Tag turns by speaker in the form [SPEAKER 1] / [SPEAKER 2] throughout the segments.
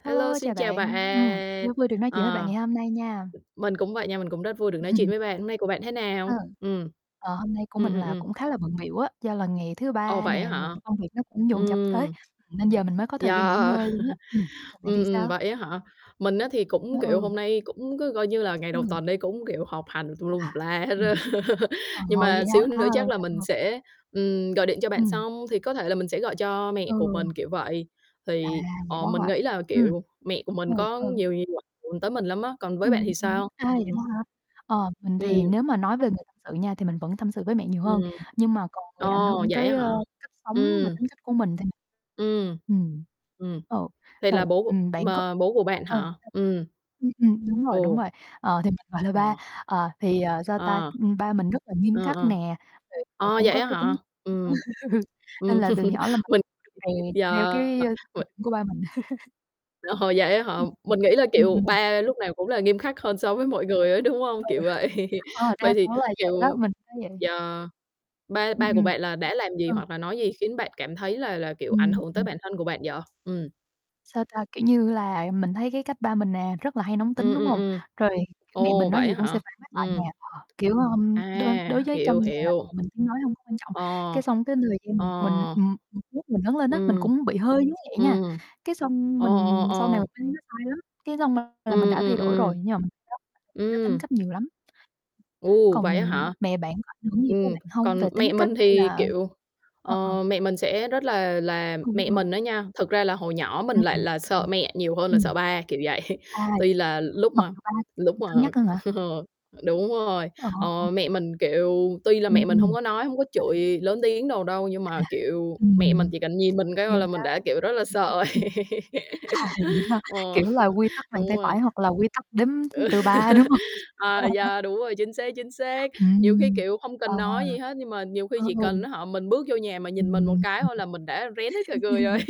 [SPEAKER 1] Hello,
[SPEAKER 2] Hello, chào
[SPEAKER 1] xin chào bạn,
[SPEAKER 2] bạn, ừm, rất vui được nói chuyện với bạn
[SPEAKER 1] ờ.
[SPEAKER 2] ngày hôm nay nha.
[SPEAKER 1] Mình cũng vậy nha, mình cũng rất vui được nói chuyện với bạn. Hôm nay của bạn thế
[SPEAKER 2] Ờ.
[SPEAKER 1] nào? Ừm.
[SPEAKER 2] Ờ, hôm nay của
[SPEAKER 1] Ừm,
[SPEAKER 2] mình
[SPEAKER 1] ừm,
[SPEAKER 2] là
[SPEAKER 1] ừm.
[SPEAKER 2] cũng khá là bận bịu á, do là ngày thứ
[SPEAKER 1] Ồ,
[SPEAKER 2] Ba
[SPEAKER 1] vậy á
[SPEAKER 2] nè, rồi
[SPEAKER 1] hả?
[SPEAKER 2] công việc nó cũng dồn dập tới,
[SPEAKER 1] Ừm.
[SPEAKER 2] nên giờ mình mới có thời gian nghỉ
[SPEAKER 1] Yeah.
[SPEAKER 2] ngơi luôn á. Ừm, còn bạn
[SPEAKER 1] Ừm,
[SPEAKER 2] thì
[SPEAKER 1] ừm,
[SPEAKER 2] sao?
[SPEAKER 1] vậy á hả! Mình á thì
[SPEAKER 2] Ờ,
[SPEAKER 1] cũng, kiểu,
[SPEAKER 2] ừ.
[SPEAKER 1] hôm nay cũng cứ coi như là ngày đầu
[SPEAKER 2] Ừm.
[SPEAKER 1] tuần đi cũng, kiểu, học hành tùm lum
[SPEAKER 2] À,
[SPEAKER 1] tùm la hết
[SPEAKER 2] ừm.
[SPEAKER 1] á.
[SPEAKER 2] Ờ,
[SPEAKER 1] Nhưng
[SPEAKER 2] vậy
[SPEAKER 1] mà
[SPEAKER 2] hả?
[SPEAKER 1] xíu
[SPEAKER 2] A,
[SPEAKER 1] nữa
[SPEAKER 2] rồi
[SPEAKER 1] chắc là
[SPEAKER 2] sao
[SPEAKER 1] mình
[SPEAKER 2] nữa?
[SPEAKER 1] sẽ, ừm, gọi điện cho bạn
[SPEAKER 2] Ừm.
[SPEAKER 1] xong thì có thể là mình sẽ gọi cho mẹ của
[SPEAKER 2] Ừ.
[SPEAKER 1] mình, kiểu vậy,
[SPEAKER 2] À,
[SPEAKER 1] thì,
[SPEAKER 2] vậy
[SPEAKER 1] ờ,
[SPEAKER 2] đó
[SPEAKER 1] mình
[SPEAKER 2] hả?
[SPEAKER 1] nghĩ là,
[SPEAKER 2] Ừm.
[SPEAKER 1] kiểu, mẹ của mình
[SPEAKER 2] Ừ,
[SPEAKER 1] có
[SPEAKER 2] ừ.
[SPEAKER 1] nhiều nhiều [unintelligible] hưởng tới mình lắm á, còn với bạn
[SPEAKER 2] Ừm,
[SPEAKER 1] thì
[SPEAKER 2] ừm,
[SPEAKER 1] sao?
[SPEAKER 2] a, vậy đó
[SPEAKER 1] Ừm.
[SPEAKER 2] hả? Ờ, mình
[SPEAKER 1] Ừm.
[SPEAKER 2] thì nếu mà nói về một sự nha thì mình vẫn tâm sự với mẹ nhiều hơn,
[SPEAKER 1] Ừm.
[SPEAKER 2] nhưng mà còn người ảnh
[SPEAKER 1] Ồ,
[SPEAKER 2] hưởng
[SPEAKER 1] vậy á
[SPEAKER 2] tới, ơ,
[SPEAKER 1] hả?
[SPEAKER 2] cách sống và
[SPEAKER 1] Ừm.
[SPEAKER 2] tính cách của mình thì
[SPEAKER 1] Ừm.
[SPEAKER 2] ừm,
[SPEAKER 1] Ừm,
[SPEAKER 2] ờ,
[SPEAKER 1] vậy là
[SPEAKER 2] rồi,
[SPEAKER 1] bố của
[SPEAKER 2] ừm, bạn có
[SPEAKER 1] mà bố của bạn
[SPEAKER 2] ờ,
[SPEAKER 1] hả?
[SPEAKER 2] [unintelligible]
[SPEAKER 1] Ừm.
[SPEAKER 2] ừm, ừm, đúng rồi, đúng
[SPEAKER 1] Ồ.
[SPEAKER 2] rồi. Ờ, thì mình gọi là ba,
[SPEAKER 1] Ờ.
[SPEAKER 2] ờ, thì, ờ, sao ta,
[SPEAKER 1] Ờ.
[SPEAKER 2] ừm, ba mình rất là nghiêm
[SPEAKER 1] Ờ,
[SPEAKER 2] khắc
[SPEAKER 1] ờ.
[SPEAKER 2] nè, rồi, ờ,
[SPEAKER 1] Ờ,
[SPEAKER 2] cũng
[SPEAKER 1] vậy
[SPEAKER 2] có
[SPEAKER 1] á
[SPEAKER 2] cái tính
[SPEAKER 1] hả? Ừm, ừm,
[SPEAKER 2] nên là từ nhỏ là mình
[SPEAKER 1] mình
[SPEAKER 2] được
[SPEAKER 1] [unintelligible]
[SPEAKER 2] rèn theo
[SPEAKER 1] yeah,
[SPEAKER 2] cái, ơ, tiêu
[SPEAKER 1] uầy
[SPEAKER 2] chuẩn của ba mình.
[SPEAKER 1] Ờ, vậy á hả,
[SPEAKER 2] [unintelligible]
[SPEAKER 1] mình nghĩ là,
[SPEAKER 2] Ừm,
[SPEAKER 1] kiểu,
[SPEAKER 2] ừm.
[SPEAKER 1] ba lúc nào cũng là nghiêm khắc hơn
[SPEAKER 2] [unintelligible]
[SPEAKER 1] so với mọi người á, đúng
[SPEAKER 2] Ờ.
[SPEAKER 1] hông? Kiểu vậy.
[SPEAKER 2] Ờ, đa
[SPEAKER 1] Vậy thì,
[SPEAKER 2] số là vậy đó,
[SPEAKER 1] kiểu,
[SPEAKER 2] mình thấy vậy.
[SPEAKER 1] yeah, ba ba
[SPEAKER 2] Ừm,
[SPEAKER 1] của
[SPEAKER 2] ừm.
[SPEAKER 1] bạn là đã làm gì?
[SPEAKER 2] Ừ.
[SPEAKER 1] Hoặc là nói gì khiến bạn cảm thấy là là, kiểu, ảnh
[SPEAKER 2] Ừm,
[SPEAKER 1] hưởng tới
[SPEAKER 2] ừm.
[SPEAKER 1] bản thân của bạn vậy? Ừm.
[SPEAKER 2] Sao ta, kiểu như là, ừm, mình thấy cái cách ba mình nè rất là hay nóng tính,
[SPEAKER 1] Ừm,
[SPEAKER 2] đúng
[SPEAKER 1] ừm,
[SPEAKER 2] hông?
[SPEAKER 1] ừm.
[SPEAKER 2] Rồi, kiểu, mẹ
[SPEAKER 1] Ồ,
[SPEAKER 2] mình nói
[SPEAKER 1] vậy á
[SPEAKER 2] gì cũng sẽ
[SPEAKER 1] hả!
[SPEAKER 2] phản bác lại nè,
[SPEAKER 1] Ừm.
[SPEAKER 2] ờ, kiểu, ơm, đối đối
[SPEAKER 1] À,
[SPEAKER 2] với
[SPEAKER 1] hiểu,
[SPEAKER 2] trong nhà là mẹ
[SPEAKER 1] hiểu.
[SPEAKER 2] mình tiếng nói hông có quan trọng.
[SPEAKER 1] Ờ.
[SPEAKER 2] Cái xong cái
[SPEAKER 1] Ờ.
[SPEAKER 2] [unintelligible] mình, ừm, [unintelligible] mình lớn lên á mình
[SPEAKER 1] Ừm.
[SPEAKER 2] cũng bị hơi giống vậy nha,
[SPEAKER 1] Ừm.
[SPEAKER 2] cái xong
[SPEAKER 1] Ờ, ờ,
[SPEAKER 2] mình sau này mình
[SPEAKER 1] ờ.
[SPEAKER 2] thấy nó sai lắm, cái xong là mình
[SPEAKER 1] Ừm,
[SPEAKER 2] đã thay
[SPEAKER 1] ừm,
[SPEAKER 2] đổi
[SPEAKER 1] ừm.
[SPEAKER 2] rồi, [unintelligible] tới tính
[SPEAKER 1] Ừm.
[SPEAKER 2] cách nhiều lắm.
[SPEAKER 1] Ồ,
[SPEAKER 2] Còn
[SPEAKER 1] vậy á hả!
[SPEAKER 2] mẹ bạn có ảnh hưởng gì tới
[SPEAKER 1] Ừm,
[SPEAKER 2] bạn hông? Về
[SPEAKER 1] còn
[SPEAKER 2] tính
[SPEAKER 1] mẹ
[SPEAKER 2] cách
[SPEAKER 1] mình
[SPEAKER 2] hay
[SPEAKER 1] thì,
[SPEAKER 2] là
[SPEAKER 1] kiểu,
[SPEAKER 2] ơ, ờ.
[SPEAKER 1] ờ, mẹ mình sẽ rất là là
[SPEAKER 2] Ừ,
[SPEAKER 1] mẹ
[SPEAKER 2] ừ.
[SPEAKER 1] mình á nha, thực ra là hồi nhỏ
[SPEAKER 2] Ừm,
[SPEAKER 1] mình lại là sợ
[SPEAKER 2] [unintelligible]
[SPEAKER 1] mẹ nhiều hơn là
[SPEAKER 2] ừm.
[SPEAKER 1] sợ ba, kiểu vậy.
[SPEAKER 2] À,
[SPEAKER 1] Tuy là lúc
[SPEAKER 2] mặc
[SPEAKER 1] mà
[SPEAKER 2] dù ba
[SPEAKER 1] lúc
[SPEAKER 2] cân
[SPEAKER 1] mà
[SPEAKER 2] nhắc hơn hả?
[SPEAKER 1] ờ, đúng rồi,
[SPEAKER 2] Ờ.
[SPEAKER 1] ờ, mẹ
[SPEAKER 2] [unintelligible]
[SPEAKER 1] mình, kiểu, tuy là mẹ
[SPEAKER 2] Ừm,
[SPEAKER 1] mình hông
[SPEAKER 2] ừm.
[SPEAKER 1] có nói, hông có
[SPEAKER 2] Sao bạn?
[SPEAKER 1] chửi lớn tiếng đồ đâu nhưng
[SPEAKER 2] À,
[SPEAKER 1] mà, kiểu, mẹ mình
[SPEAKER 2] ừm,
[SPEAKER 1] chỉ cần nhìn mình cái thôi
[SPEAKER 2] nghiêm
[SPEAKER 1] là
[SPEAKER 2] khắc.
[SPEAKER 1] mình đã kiểu rất là sợ rồi.
[SPEAKER 2] À, vậy đó hả?
[SPEAKER 1] Ừ,
[SPEAKER 2] Kiểu là, quy tắc bàn
[SPEAKER 1] đúng
[SPEAKER 2] tay
[SPEAKER 1] rồi.
[SPEAKER 2] phải hoặc là quy tắc đếm từ 3, đúng hông?
[SPEAKER 1] À, yeah, đúng rồi, chính xác, chính xác. Nhiều khi,
[SPEAKER 2] Ừm,
[SPEAKER 1] kiểu, không
[SPEAKER 2] ờ,
[SPEAKER 1] cần nói gì
[SPEAKER 2] ờ.
[SPEAKER 1] hết nhưng mà nhiều khi
[SPEAKER 2] Ờ,
[SPEAKER 1] chỉ
[SPEAKER 2] ừ.
[SPEAKER 1] cần, á hả, mình bước vô nhà mà nhìn mình một
[SPEAKER 2] Ừm.
[SPEAKER 1] cái thôi là mình đã rén hết cả người rồi.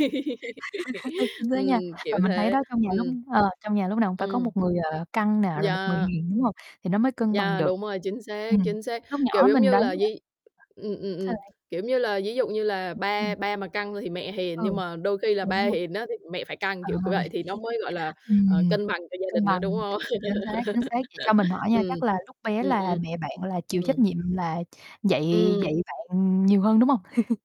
[SPEAKER 2] Chính xác nha,
[SPEAKER 1] Ừm,
[SPEAKER 2] và
[SPEAKER 1] kiểu
[SPEAKER 2] mình thấy
[SPEAKER 1] thế,
[SPEAKER 2] đó trong nhà lúc
[SPEAKER 1] ừm.
[SPEAKER 2] ờ, trong nhà lúc nào cũng phải có
[SPEAKER 1] Ừm.
[SPEAKER 2] một người, ờ, căng nè, rồi một người
[SPEAKER 1] Yeah.
[SPEAKER 2] hiền, đúng hông? Thì nó mới cân bằng
[SPEAKER 1] Yeah,
[SPEAKER 2] được.
[SPEAKER 1] đúng rồi, chính xác,
[SPEAKER 2] Ừm,
[SPEAKER 1] chính xác.
[SPEAKER 2] lúc
[SPEAKER 1] Kiểu
[SPEAKER 2] nhỏ
[SPEAKER 1] giống
[SPEAKER 2] mình
[SPEAKER 1] như
[SPEAKER 2] đáng
[SPEAKER 1] là
[SPEAKER 2] nhẽ
[SPEAKER 1] di ừm, ừm, ừm,
[SPEAKER 2] [unintelligible]
[SPEAKER 1] kiểu giống như là, ví dụ như là
[SPEAKER 2] Ư, ừm.
[SPEAKER 1] ba ba mà căng thì mẹ hiền,
[SPEAKER 2] Ừ,
[SPEAKER 1] nhưng mà đôi khi là ba
[SPEAKER 2] đúng rồi.
[SPEAKER 1] hiền á thì mẹ phải
[SPEAKER 2] Ờ,
[SPEAKER 1] căng, kiểu, kiểu vậy, thì nó mới, gọi là, ờ,
[SPEAKER 2] ừm,
[SPEAKER 1] cân bằng cho gia
[SPEAKER 2] cân
[SPEAKER 1] đình á,
[SPEAKER 2] bằng,
[SPEAKER 1] đúng hông?
[SPEAKER 2] chính xác, chính xác, vậy cho mình hỏi nha,
[SPEAKER 1] Ừm.
[SPEAKER 2] chắc là lúc bé
[SPEAKER 1] Ừm,
[SPEAKER 2] là
[SPEAKER 1] ừm.
[SPEAKER 2] mẹ bạn là chịu trách
[SPEAKER 1] Ừm.
[SPEAKER 2] nhiệm là dạy
[SPEAKER 1] Ừm.
[SPEAKER 2] dạy bạn nhiều hơn, đúng hông?